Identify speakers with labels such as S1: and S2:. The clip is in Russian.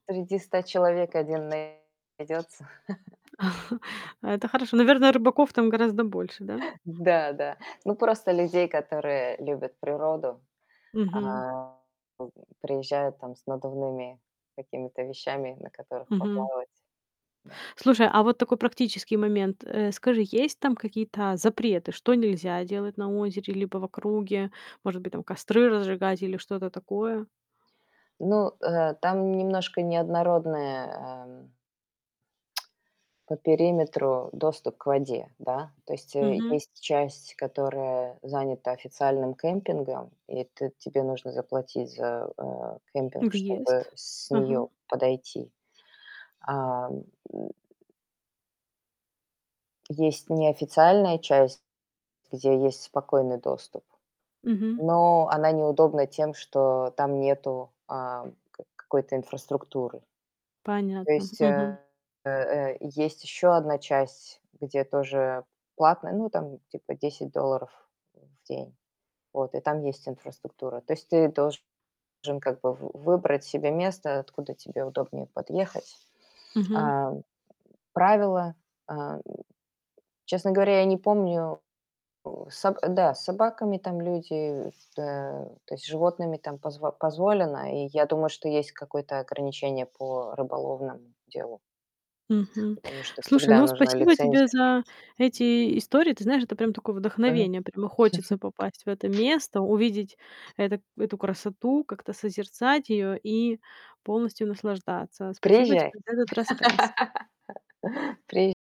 S1: Среди 100 человек один найдется.
S2: А это хорошо. Наверное, рыбаков там гораздо больше, да?
S1: Да, да. Ну, просто людей, которые любят природу,
S2: Мгм.
S1: а, м, приезжают там с надувными какими-то вещами, на которых
S2: Мгм.
S1: поплавать. Да.
S2: Слушай, а вот такой практический момент. Э, скажи, есть там какие-то запреты? Что нельзя делать на озере, либо в округе? Может быть, там костры разжигать или что-то такое?
S1: Ну, э, там немножко неоднородная, эм, по периметру доступ к воде, да? То есть, э,
S2: Мгм.
S1: есть часть, которая занята официальным кемпингом, и ты тебе нужно заплатить за, э, кемпинг, чтобы
S2: Въезд?
S1: с
S2: Ага.
S1: нее подойти. А Есть неофициальная часть, где есть спокойный доступ.
S2: Мгм.
S1: Но она неудобна тем, что там нету, ам, ка какой-то инфраструктуры. То
S2: Понятно.
S1: есть,
S2: Мгм.
S1: э э э, есть еще одна часть, где тоже платное, ну, там типа 10 долларов в день, вот, и там есть инфраструктура. То есть ты должен как бы в выбрать себе место, откуда тебе удобнее подъехать.
S2: Мгм.
S1: А, правила, а, честно говоря, я не помню. Э, саб а, да, с собаками там люди, да, то есть с животными там позво позволено, и я думаю, что есть какое-то ограничение по рыболовному делу.
S2: Мгм.
S1: Потому что
S2: Слушай,
S1: всегда
S2: ну,
S1: нужна
S2: спасибо тебе
S1: лицензия.
S2: за эти истории. Ты знаешь, это прям такое
S1: Мгм.
S2: вдохновение. Прямо хочется попасть в это место, увидеть это эту красоту, как-то созерцать её и полностью наслаждаться. Спасибо
S1: Приезжай.
S2: тебе за этот рассказ.
S1: Приез